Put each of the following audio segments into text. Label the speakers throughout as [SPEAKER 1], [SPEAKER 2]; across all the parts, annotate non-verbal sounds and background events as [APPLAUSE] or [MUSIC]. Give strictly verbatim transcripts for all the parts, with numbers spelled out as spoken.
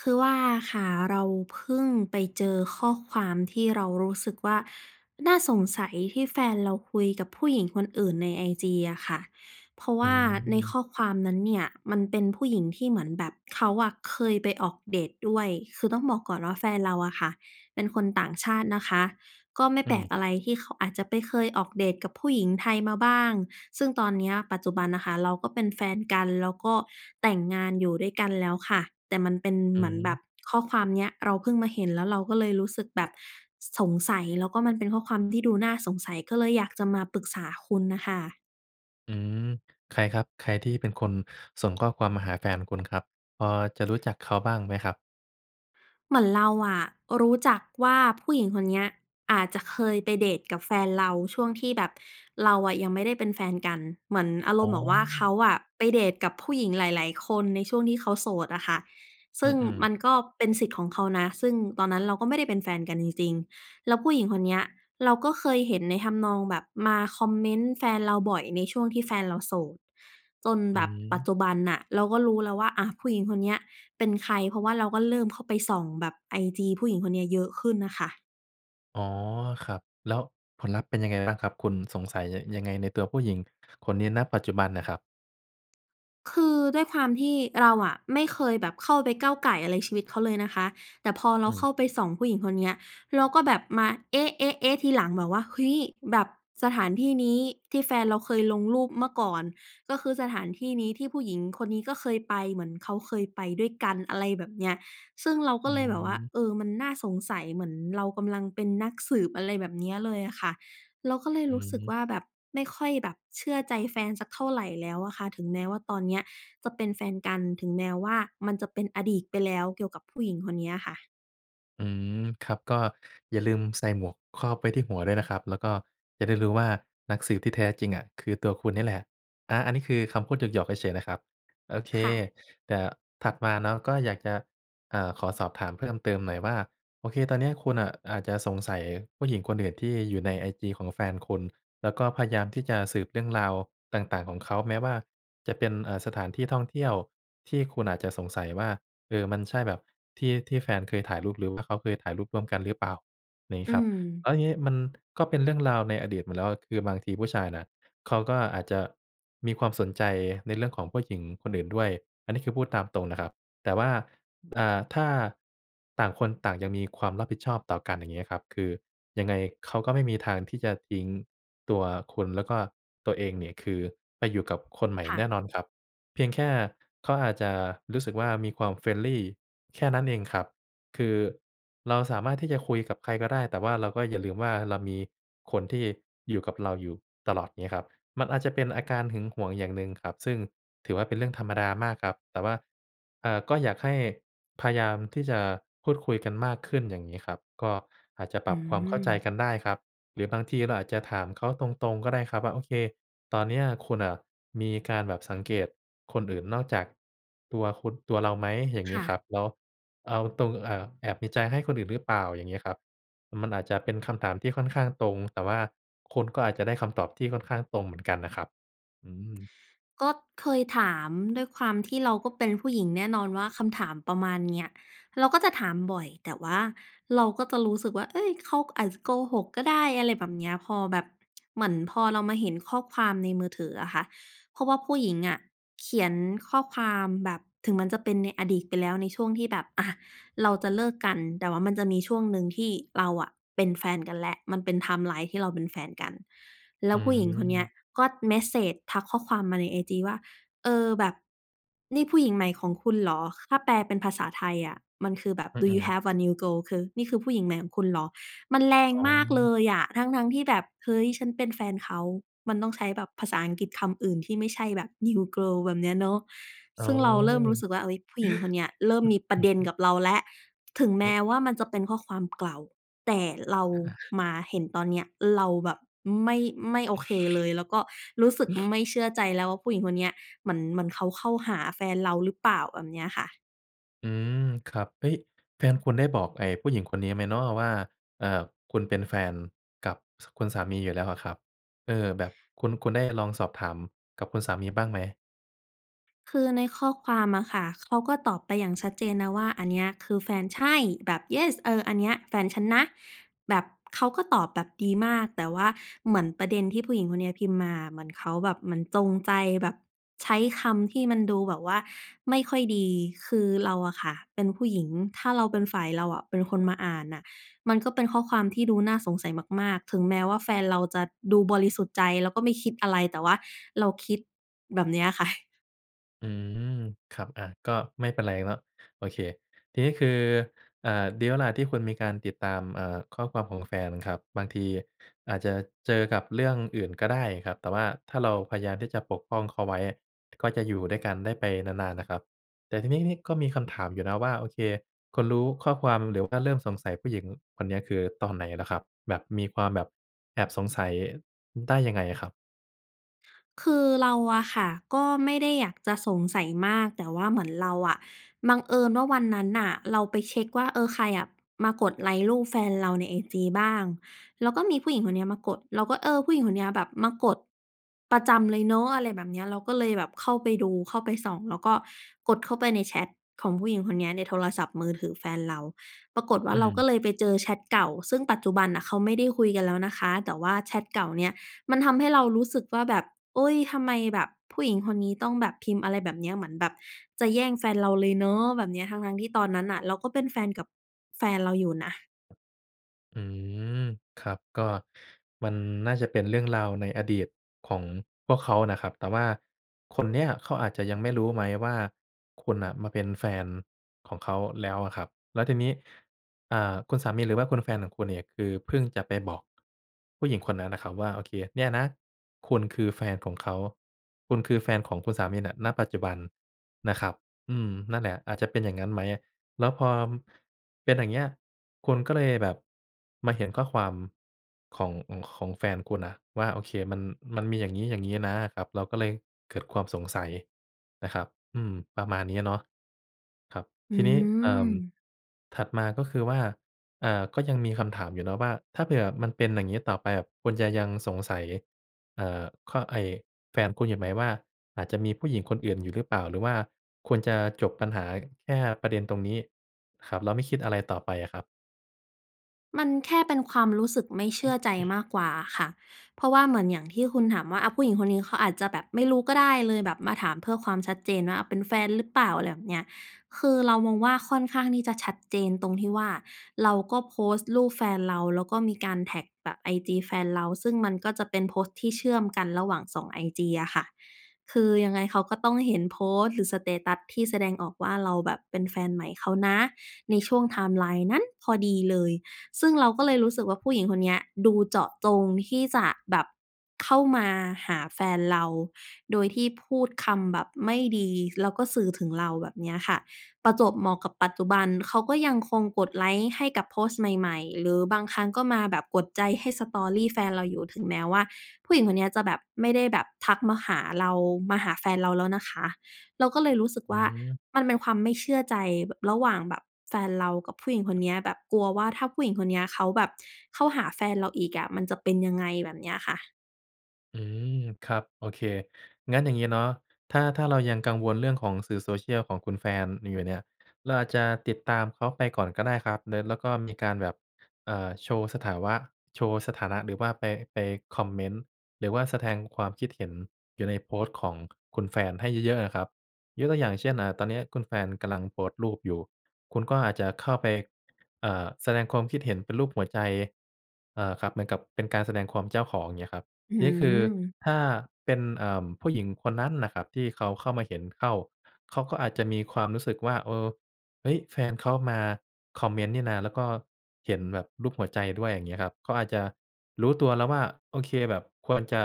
[SPEAKER 1] คือว่าค่ะ เราเพิ่งไปเจอข้อความที่เรารู้สึกว่า น่าสงสัยที่แฟนเราคุยกับผู้หญิงคนอื่นใน IG อะค่ะ เพราะว
[SPEAKER 2] อื
[SPEAKER 1] ่าในข
[SPEAKER 2] ม
[SPEAKER 1] ้อความนั้นเนี่ยมันเป็นผู้หญิงที่เหมือนแบบเขาอะเคยไปออกเดตด้วย คือต้องบอกก่อนว่า แฟนเราอะค่ะเป็นคนต่างชาตินะคะ ก็ไม่
[SPEAKER 2] อ
[SPEAKER 1] แปล
[SPEAKER 2] ืม
[SPEAKER 1] กอะไรที่เขาอาจจะไปเคยออกเดตกับผู้หญิงไทยมาบ้าง ซึ่งตอนเนี้ย ปัจจุบันน่ะค่ะ เราก็เป็นแฟนกันแล้วก็แต่งงานอยู่ด้วยกันแล้วค่ะ แต่มันเป็น
[SPEAKER 2] อ
[SPEAKER 1] เ
[SPEAKER 2] ื
[SPEAKER 1] หมือนแบ
[SPEAKER 2] ม
[SPEAKER 1] บข้อความเนี้ยเราเพิ่งมาเห็น แล้วเราก็เลยรู้สึกแบบสงสัย แล้วก็มันเป็นข้อความที่ดูน่าสงสัย ก็เลยอยากจะมาปรึกษาคุณน่ะค่ะ
[SPEAKER 2] อืม ใครครับ? ใครที่เป็นคนส่งข้อความมาหาแฟนคุณครับ? พอจะรู้จักเขาบ้างไหมครับ?
[SPEAKER 1] เหมือนเราอะรู้จักว่า ผู้หญิงคนเนี้ยอาจจะเคยไปเดตกับแฟนเราช่วงที่แบบเราอะยังไม่ได้เป็นแฟนกัน เหมือนอาร
[SPEAKER 2] อ๋
[SPEAKER 1] มณ
[SPEAKER 2] อ
[SPEAKER 1] ์แบบว่าเขาอะไปเดตกับผู้หญิงหลาย ๆ คนในช่วงที่เขาโสดอะค่ะ ซ
[SPEAKER 2] อ
[SPEAKER 1] ึ
[SPEAKER 2] ื
[SPEAKER 1] ่ง
[SPEAKER 2] อ
[SPEAKER 1] ม
[SPEAKER 2] ๆ
[SPEAKER 1] ันก็เป็นสิทธิ์ของเขานะ ซึ่งตอนนั้นเราก็ไม่ได้เป็นแฟนกันจริง ๆ แล้วผู้หญิงคนเนี้ยเราก็เคยเห็นในทำนองแบบมาคอมเมนต์แฟนเราบ่อยในช่วงที่แฟนเราโสด จน
[SPEAKER 2] อื
[SPEAKER 1] แบบปัจ
[SPEAKER 2] ม
[SPEAKER 1] จุบันน่ะ เราก็รู้แล้วว่า อะ ผู้หญิงคนเนี้ยเป็นใคร เพราะว่าเราก็เริ่มเข้าไปส่องแบบ IG ผู้หญิงคนเนี้ยเยอะขึ้นน่ะค่ะ
[SPEAKER 2] อ๋อ ครับ แล้วผลลัพธ์เป็นยังไงบ้างครับ? คุณสงสัย ย ยังไงในตัวผู้หญิงคนนี้ ณ ปัจจุบันน่ะครับ
[SPEAKER 1] คือด้วยความที่เราอะไม่เคยแบบเข้าไปก้าวก่ายอะไรชีวิตเขาเลยนะคะ แต่พอเ
[SPEAKER 2] อ
[SPEAKER 1] ราเข้
[SPEAKER 2] ืม
[SPEAKER 1] าไปส่องผู้หญิงคนเนี้ย เราก็แบบมา เอ๊ะ เอ๊ะ เอ๊ะ ทีหลัง แบบว่า เฮ้ย แบบสถานที่นี้ที่แฟนเราเคยลงรูปเมื่อก่อนก็คือสถานที่นี้ที่ผู้หญิงคนนี้ก็เคยไป เหมือนเขาเคยไปด้วยกัน อะไรแบบเนี้ย ซึ่งเราก
[SPEAKER 2] อ
[SPEAKER 1] ็
[SPEAKER 2] ื
[SPEAKER 1] เลยแบบว่า
[SPEAKER 2] ม
[SPEAKER 1] เออ มันน่าสงสัย เหมือนเรากำลังเป็นนักสืบ อะไรแบบเนี้ยเลยค่ะ เราก็เลย
[SPEAKER 2] อื
[SPEAKER 1] รู้สึก
[SPEAKER 2] ม
[SPEAKER 1] ว่า แบบไม่ค่อยแบบเชื่อใจแฟนสักเท่าไรแล้วอะค่ะ ถึงแม้ว่า ตอนเนี้ยจะเป็นแฟนกัน ถึงแม้ว่า มันจะเป็นอดีตไปแล้วเกี่ยวกับผู้หญิงคนเนี้ยค่ะ
[SPEAKER 2] อืม ครับ ก็อย่าลืมใส่หมวกครอบไว้ที่หัวด้วยนะครับ แล้วก็จะได้รู้ว่า นักสืบที่แท้ จริงอะคือตัวคุณนี่แหละ อา อันนี้ คือคำพูดหยอก ๆ เฉย ๆ นะครับ โอเค
[SPEAKER 1] ค่ะ
[SPEAKER 2] แต่ถัดมาเนาะ ก็อยากจะ เอ่อ ขอสอบถามเพิ่มเติมหน่อยว่า โอเค ตอนเนี้ย คุณน่ะอาจจะสงสัยผู้หญิงคนอื่นที่อยู่ใน IG ของแฟนคุณ แล้วก็พยายามที่จะสืบเรื่องราวต่าง ๆ ของเขา แม้ว่าจะเป็น อ่า สถานที่ท่องเที่ยวที่คุณอาจจะสงสัยว่า เอ่อ มันใช่แบบที่ ที่แฟนเคยถ่ายรูปหรือว่าเขาเคยถ่ายรูปร่วมกันหรือเปล่า นี้
[SPEAKER 1] อื
[SPEAKER 2] ครับ แล
[SPEAKER 1] ม
[SPEAKER 2] ้วงี้ มันก็เป็นเรื่องราวในอดีตมาแล้ว คือบางทีผู้ชายน่ะเขาก็อาจจะมีความสนใจในเรื่องของผู้หญิงคนอื่นด้วย อันนี้คือพูดตามตรงนะครับ แต่ว่า อ่า ถ้าต่างคนต่างยังมีความรับผิดชอบต่อกัน อย่างงี้ครับ คือ ยังไงเขาก็ไม่มีทางที่จะทิ้งตัวคุณแล้วก็ตัวเองเนี่ย คือ ไปอยู่กับคนใหม่
[SPEAKER 1] ค่
[SPEAKER 2] แน
[SPEAKER 1] ะ
[SPEAKER 2] ่นอนครับ เพียงแค่เขาอาจจะรู้สึกว่า มีความ friendly แค่นั้นเองครับ คือเราสามารถที่จะคุยกับใครก็ได้ แต่ว่าเราก็อย่าลืมว่า เรามีคนที่อยู่กับเราอยู่ตลอด งี้ครับ มันอาจจะเป็นอาการหึงหวงอย่างหนึ่งครับ ซึ่งถือว่า เป็นเรื่องธรรมดามากครับ แต่ว่า อ่า ก็อยากให้พยายามที่จะพูดคุยกันมากขึ้น อย่างงี้ครับ ก็อาจจะ
[SPEAKER 1] อ
[SPEAKER 2] ป
[SPEAKER 1] ื
[SPEAKER 2] รับความเข้าใจ
[SPEAKER 1] ม
[SPEAKER 2] กันได้ครับ หรือบางทีเราอาจจะถามเขาตรง ๆ ก็ได้ครับว่า "โอเค ตอนเนี้ยคุณน่ะมีการแบบสังเกตคนอื่นนอกจากตัวคุณ ตัวเราไหม?" อย่าง
[SPEAKER 1] ค
[SPEAKER 2] งี้
[SPEAKER 1] ่
[SPEAKER 2] คร
[SPEAKER 1] ะ
[SPEAKER 2] ับ แล้ว "เอาตรง เอ่อ แอบมีใจให้คนอื่นหรือเปล่า?" อย่างงี้ครับ ม มันอาจจะเป็นคำถามที่ค่อนข้างตรง แต่ว่าคุณก็อาจจะได้คำตอบที่ค่อนข้างตรงเหมือนกันน่ะครับ อืม
[SPEAKER 1] ก็เคยถาม ด้วยความที่เราก็เป็นผู้หญิง แน่นอนว่า คำถามประมาณเนี้ย เราก็จะถามบ่อย แต่ว่าเราก็จะรู้สึกว่า เฮ้ย เขา ก อาจจะโกหกก็ได้ อะไรแบบเนี้ย พอแบบเหมือนพอเรามาเห็นข้อความในมือถืออะค่ะ เพราะว่าผู้หญิงอะเขียนข้อความแบบ ถึงมันจะเป็นในอดีตไปแล้ว ในช่วงที่แบบ อะ เราจะเลิกกัน แต่ว่ามันจะมีช่วงหนึ่งที่เราอะเป็นแฟนกันแล้ว มันเป็น ไทม์ไลน์ ที่เราเป็นแฟนกัน แล้
[SPEAKER 2] อื
[SPEAKER 1] วผู้หญิงคนเนี้ย
[SPEAKER 2] ม
[SPEAKER 1] ก็เมสเซจ ทักข้อความมาใน IG ว่า "เออ แบบนี่ผู้หญิงใหม่ของคุณเหรอ?" ถ้าแปลเป็นภาษาไทยอะ มันคือแบบ
[SPEAKER 2] อื
[SPEAKER 1] "Do you
[SPEAKER 2] อ ๆ
[SPEAKER 1] have a new girl?" คือ "นี่คือผู้หญิงใหม่ของคุณเหรอ?" มันแรง
[SPEAKER 2] อ๋
[SPEAKER 1] มากเล
[SPEAKER 2] อ
[SPEAKER 1] ยอะ ทั้ง ๆ ที่แบบ เฮ้ย ฉันเป็นแฟนเขา มันต้องใช้แบบภาษาอังกฤษคำอื่นที่ไม่ใช่แบบ New Girl แบบเนี้ยเนาะ
[SPEAKER 2] อ๋
[SPEAKER 1] ซ
[SPEAKER 2] อ
[SPEAKER 1] ึ่งเราเริ่มรู้สึกว่า เฮ้ย ผู้หญิงคนเนี้ยเริ่มมีประเด็นก
[SPEAKER 2] [GASPS] [UNINTELLIGIBLE]
[SPEAKER 1] ับเราแล้ว ถึงแม
[SPEAKER 2] อื
[SPEAKER 1] ้
[SPEAKER 2] อ
[SPEAKER 1] ว่า มันจะเป็นข้อความเก่า แต่เรา
[SPEAKER 2] อา
[SPEAKER 1] มาเห็นตอนเนี้ย เราแบบไม่ ไม่โอเคเลย แล้วก็รู้สึก
[SPEAKER 2] [SNIFFS]
[SPEAKER 1] ไม่เชื่อใจแล้วว่า ผู้หญิงคนเนี้ยเหมือน เหมือนเขาเข้าหาแฟนเราหรือเปล่า แบบเนี้ยค่ะ
[SPEAKER 2] อืม ครับ เฮ้ย แฟนคุณได้บอก ไอ่ผู้หญิงคนนี้ไหมเนาะว่า เอ่อ คุณเป็นแฟนกับ ส คุณสามีอยู่แล้วอะครับ เออ แบบคุณ คุณได้ลองสอบถามกับคุณสามีบ้างไหม?
[SPEAKER 1] คือในข้อความอะค่ะ เขาก็ตอบไปอย่างชัดเจนนะว่า "อันเนี้ย คือแฟน ใช่ แบบ Yes! เออ อันเนี้ย แฟนฉันนะ" แบบเขาก็ตอบแบบดีมาก แต่ว่าเหมือนประเด็นที่ผู้หญิงคนเนี้ยพิมพ์มาอะ เหมือนเขาแบบเหมือนจงใจแบบใช้คำที่มันดูแบบว่าไม่ค่อยดี คือเราอะค่ะเป็นผู้หญิง ถ้าเราเป็นฝ่าย เราอะ เป็นคนมาอ่านน่ะ มันก็เป็นข้อความที่ดูน่าสงสัยมาก ๆ ถึงแม้ว่า แฟนเราจะดูบริสุทธิ์ใจแล้วก็ไม่คิดอะไร แต่ว่าเราคิด แบบเนี้ย ค่ะ
[SPEAKER 2] อืม ครับ อะ ก็ไม่เป็นไรเนาะ โอเค ทีนี้ คือ เอ่อ ดีแล้วแหละที่คุณมีการติดตาม อ่า ข้อความของแฟนครับ บางทีอาจจะเจอกับเรื่องอื่นก็ได้ครับ แต่ว่าถ้าเราพยายามที่จะปกป้องเขาไว้ก็จะอยู่ด้วยกันได้ไปนาน ๆ น่ะครับ แต่ทีนี้นี้ก็มีคำถามอยู่นะว่า โอเค คุณรู้ข้อความหรือว่าเริ่มสงสัยผู้หญิงคนเนี้ย คือตอนไหนเหรอครับ? แบบมีความแบบแอบสงสัย ได้ยังไงอะครับ?
[SPEAKER 1] คือเราอะค่ะ ก็ไม่ได้อยากจะสงสัยมาก แต่ว่าเหมือนเราอะ บังเอิญว่าวันนั้นน่ะเราไปเช็คว่า เออ ใครอะมากดไลก์รูปแฟนเราใน IG บ้าง แล้วก็มีผู้หญิงคนเนี้ยมากด เราก็ เออ ผู้หญิงคนเนี้ยแบบมากดประจำเลยเนาะ อะไรแบบเนี้ย เราก็เลยแบบเข้าไปดูเข้าไปส่อง แล้วก็กดเข้าไปในแชตของผู้หญิงคนเนี้ย ในโทรศัพท์มือถือแฟนเรา ปรากฏว
[SPEAKER 2] อ
[SPEAKER 1] ่
[SPEAKER 2] ื
[SPEAKER 1] า เราก็
[SPEAKER 2] ม
[SPEAKER 1] เลยไปเจอแชตเก่า ซึ่งปัจจุบันน่ะเขาไม่ได้คุยกันแล้วนะคะ แต่ว่าแชตเก่าเนี่ย มันทำให้เรารู้สึกว่า แบบ เฮ้ย ทำไมแบบผู้หญิงคนนี้ต้องแบบพิมพ์ อะไรแบบเนี้ย เหมือนแบบจะแย่งแฟนเราเลยเนาะ แบบเนี้ย ทั้ง ๆ ที่ตอนนั้นน่ะ เราก็เป็นแฟนกับแฟนเราอยู่นะ
[SPEAKER 2] อืม ครับ ก็มันน่าจะเป็นเรื่องราวในอดีตของพวกเขานะครับ แต่ว่าคนเนี้ยเขาอาจจะยังไม่รู้ไหมว่า คุณน่ะมาเป็นแฟนของเขาแล้วอะครับ แล้วทีนี้ อ่า คุณสามี หรือว่าคุณแฟนของคุณเนี่ย คือเพิ่งจะไปบอกผู้หญิงคนนั้นนะครับว่า โอเค เนี่ยนะคุณคือแฟนของเขา คุณคือแฟนของคุณสามีน่ะ ณ ปัจจุบันนะครับ อืม นั่นแหละ อาจจะเป็นอย่างงั้นไหม แล้วพอเป็น อย่างเงี้ย คุณก็เลยแบบมาเห็นข้อความ ของ ของแฟนคุณน่ะว่า โอเค มัน มันมี อย่างงี้ ๆ นะครับ เราก็เลยเกิดความสงสัยนะครับ อืม ประมาณนี้เนาะ ครับ
[SPEAKER 1] อื
[SPEAKER 2] ทีนี้ เอ่อ
[SPEAKER 1] ม
[SPEAKER 2] ถัดมา ก็คือว่า อ่า ก็ยังมีคำถามอยู่เนาะว่า ถ้าเผื่อมันเป็น อย่างงี้ต่อไป คุณจะยังสงสัย เอ่อ ข ไอ้แฟนคุณอยู่ไหมว่า อาจจะมีผู้หญิงคนอื่นอยู่หรือเปล่า หรือว่าควรจะจบปัญหาแค่ประเด็นตรงนี้ครับ แล้วไม่คิดอะไรต่อไปอะครับ?
[SPEAKER 1] มันแค่เป็นความรู้สึกไม่เชื่อใจ
[SPEAKER 2] [CLEARS THROAT]
[SPEAKER 1] มากกว่าอะค่ะ เพราะว่า เหมือนอย่างที่คุณถามว่า อะ ผู้หญิงคนนี้เขาอาจจะแบบไม่รู้ก็ได้ เลยแบบมาถามเพื่อความชัดเจนว่า เป็นแฟนหรือเปล่า อะไรแบบเนี้ย คือเรามองว่า ค่อนข้างที่จะชัดเจนตรงที่ว่า เราก็โพสต์รูปแฟนเรา แล้วก็มีการแท็กแบบ IG แฟนเรา ซึ่งมันก็จะเป็นโพสต์ที่เชื่อมกันระหว่าง สอง IG อะค่ะ คือยังไงเขาก็ต้องเห็นโพสต์ หรือ สเตตัส ที่แสดงออกว่า เราแบบเป็นแฟนใหม่เขานะ ในช่วง ไทม์ไลน์ นั้นพอดีเลย ซึ่งเราก็เลยรู้สึกว่า ผู้หญิงคนเนี้ยดูเจาะจงที่จะแบบเข้ามาหาแฟนเรา โดยที่พูดคำแบบไม่ดี แล้วก็สื่อถึงเรา แบบเนี้ยค่ะ ประจวบเหมาะกับปัจจุบัน เขาก็ยังคงกดไลก์ให้กับโพสต์ใหม่ ๆ หรือบางครั้งก็มาแบบกดใจให้ Story แฟนเราอยู่ ถึงแม้ว่า ผู้หญิงคนเนี้ยจะแบบ ไม่ได้แบบทักมาหาเรา มาหาแฟนเราแล้วนะคะ เราก็เลยรู้สึก
[SPEAKER 2] อ
[SPEAKER 1] ว่า
[SPEAKER 2] ือ
[SPEAKER 1] มันเป็นความไม่เชื่อใจแบบระหว่างแบบแฟนเรากับผู้หญิงคนเนี้ย แบบกลัวว่า ถ้าผู้หญิงคนเนี้ยเขาแบบเข้าหาแฟนเราอีกอะมันจะเป็นยังไง แบบเนี้ยค่ะ
[SPEAKER 2] อืม ครับ โอเค งั้นอย่างงี้เนาะ ถ้า ถ้าเรายังกังวลเรื่องของสื่อ Social ของคุณแฟนอยู่เนี่ย เราอาจจะติดตามเขาไปก่อนก็ได้ครับ เลิท แล้วก็มีการแบบ อ่า โชว์สถาวะ โชว์สถานะหรือว่าไป ไปคอมเมนต์ หรือว่าสะแทง ความคิดเห็นอยู่ในโพสต์ของคุณแฟนให้เยอะ ๆ น่ะครับ ยกตัวอย่างเช่น อ่า ตอนนี้คุณแฟนกำลังโพสต์รูปอยู่ คุณก็อาจจะเข้าไป อ่า แสดงความคิดเห็นเป็นรูปหัวใจ เอ่อ ครับ เหมือนกับเป็นการแสดงความเป็นเจ้าของ อย่างเงี้ยครับ
[SPEAKER 1] อื
[SPEAKER 2] ทีนี้คือ
[SPEAKER 1] ม
[SPEAKER 2] ถ้าเป็น เอ่อ ผู้หญิงคนนั้นน่ะครับที่เขาเข้ามาเห็นเข้า เขาก็อาจจะมีความรู้สึกว่า เออ เฮ้ย แฟนเขามาคอมเมนต์นี่นา แล้วก็เห็นแบบรูปหัวใจด้วย อย่างนี้ครับ เขาอาจจะรู้ตัวแล้วว่า โอเค แบบควรจะ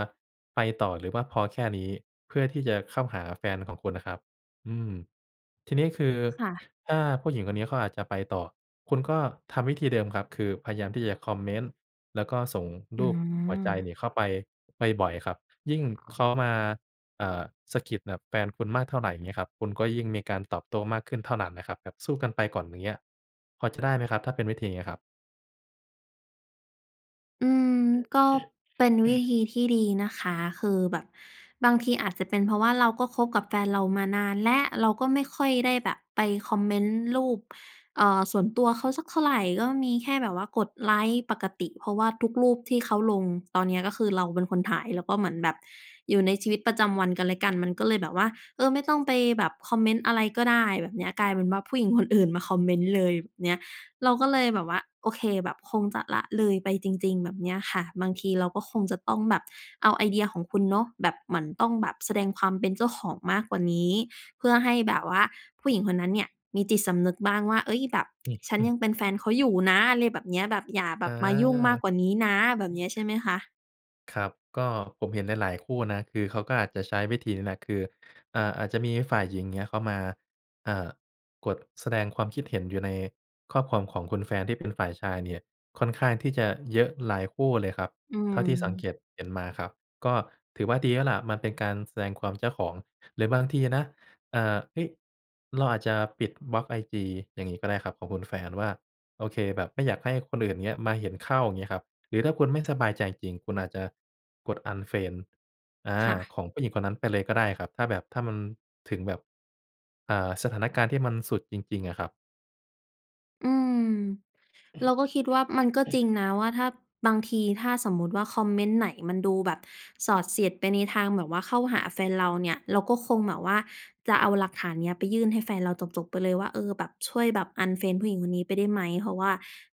[SPEAKER 2] ไปต่อหรือว่าพอแค่นี้ เพื่อที่จะเข้าหาแฟนของคุณนะครับ อืม ทีนี้คือ
[SPEAKER 1] ค่ะ
[SPEAKER 2] ถ้าผู้หญิงคนนี้เขาอาจจะไปต่อ คุณก็ทำวิธีเดิมครับ คือพยายามที่จะคอมเมนต์ แล้วก็ส่ง
[SPEAKER 1] อ
[SPEAKER 2] ร
[SPEAKER 1] ื
[SPEAKER 2] ูปหัวใจ
[SPEAKER 1] ม
[SPEAKER 2] เนี่ยเข้าไปบ่อย ๆ ครับ ยิ่งเขามา อ่า สะกิดกับแฟนคุณมากเท่าไร อย่างงี้ครับ คุณก็ยิ่งมีการตอบโต้มากขึ้นเท่านั้นนะครับ แบบสู้กันไปก่อน อย่างเงี้ย พอจะได้ไหมครับถ้าเป็นวิธีนี้ครับ?
[SPEAKER 1] อืม ก็เป็นวิ
[SPEAKER 2] [CLEARS THROAT]
[SPEAKER 1] ธีที่ดีนะคะ คือแบบบางทีอาจจะเป็นเพราะว่าเราก็คบกับแฟนเรามานานแล้ว เราก็ไม่ค่อยได้แบบไปคอมเมนต์รูป เอ่อ ส่วนตัวเขาสักเท่าไร ก็มีแค่แบบว่ากดไลก์ปกติ เพราะว่าทุกรูปที่เขาลงตอนเนี้ยก็คือเราเป็นคนถ่าย แล้วก็เหมือนแบบอยู่ในชีวิตประจำวันกันและกัน มันก็เลยแบบว่า เออ ไม่ต้องไปแบบคอมเมนต์อะไรก็ได้ แบบเนี้ย กลายเป็นว่า ผู้หญิงคนอื่นมาคอมเมนต์เลย แบบเนี้ย เราก็เลยแบบว่า โอเค แบบคงจะละเลยไปจริง ๆ แบบเนี้ยค่ะ บางทีเราก็คงจะต้องแบบเอาไอเดียของคุณเนาะ แบบเหมือนต้องแบบแสดงความเป็นเจ้าของมากกว่านี้ เพื่อให้แบบว่าผู้หญิงคนนั้นเนี่ยมีจิตสำนึกบ้างว่า เฮ้ย แบบ
[SPEAKER 2] อือ
[SPEAKER 1] ฉัน
[SPEAKER 2] หึ
[SPEAKER 1] ยังเป็นแฟนเขาอยู่นะ อะไรแบบเนี้ย แบบอย่าแบ
[SPEAKER 2] อ
[SPEAKER 1] บมายุ่งมาก
[SPEAKER 2] า
[SPEAKER 1] กว่านี้นะ แบบเนี้ย ใช่
[SPEAKER 2] [UNINTELLIGIBLE]
[SPEAKER 1] ไหมคะ?
[SPEAKER 2] ครับ ก็ผมเห็นหลาย ๆ คู่นะ คือเขาก็อาจจะใช้วิธีนี้แหละ คือ อ่า อาจจะมีฝ่ายหญิง เงี้ย เข้ามา เอ่อ กดแสดงความคิดเห็นอยู่ในข้อความของคุณแฟนที่เป็นฝ่ายชายเนี่ย ค่อนข้างที่จะเยอะหลายคู่เลยครับ
[SPEAKER 1] อื
[SPEAKER 2] เท่าที่สัง
[SPEAKER 1] ม
[SPEAKER 2] เกตเห็นมาครับ ก็ถือว่า ดีแล้วแหละ มันเป็นการแสดงความเจ้าของ หรือบางทีนะ อ่า เฮ้ย เราอาจจะปิด บล็อก IG อย่างงี้ก็ได้ครับ ของคุณแฟนว่า โอเค แบบไม่อยากให้คนอื่น เงี้ย มาเห็นเข้า งี้ครับ หรือถ้าคุณไม่สบายใจจริง ๆ คุณอาจจะกด unfriend อา
[SPEAKER 1] ค่ะ
[SPEAKER 2] ของผู้หญิงคนนั้นไปเลยก็ได้ครับ ถ้าแบบถ้ามันถึงแบบ อ่า สถานการณ์ที่มันสุดจริง ๆ อะครับ
[SPEAKER 1] อืม เราก็คิดว่า มันก็จริง
[SPEAKER 2] [CLEARS THROAT]
[SPEAKER 1] นะว่า ถ้า บางทีถ้าสมมุติว่า คอมเมนต์ไหนมันดูแบบสอดเสียดไปในทางแบบว่าเข้าหาแฟนเราเนี่ย เราก็คงแบบว่าจะเอาหลักฐานเนี้ยไปยื่นให้แฟนเราจบ ๆ ไปเลยว่า "เออ แบบช่วยแบบ unfriend ผู้หญิงคนนี้ไปได้ไหม? เพราะว่า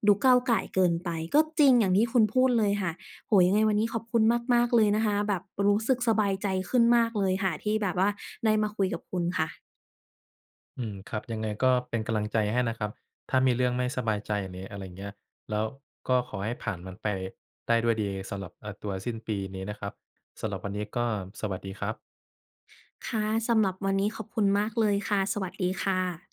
[SPEAKER 1] ดูก้าวก่ายเกินไป" ก็จริงอย่างที่คุณพูดเลยค่ะ โอ้โฮ ยังไงวันนี้ขอบคุณมาก ๆ เลยนะคะ แบบรู้สึกสบายใจขึ้นมากเลยค่ะที่แบบว่าได้มาคุยกับคุณค่ะ
[SPEAKER 2] อืม ครับ ยังไงก็เป็นกำลังใจให้นะครับ ถ้ามีเรื่องไม่สบายใจหรืออะไรเงี้ย แล้วก็ขอให้ผ่านมันไปได้ด้วยดีสำหรับ อ่า ตัวสิ้นปีนี้นะครับ สำหรับวันนี้ก็สวัสดีครับ
[SPEAKER 1] ค่ะ สำหรับวันนี้ขอบคุณมากเลยค่ะ สวัสดีค่ะ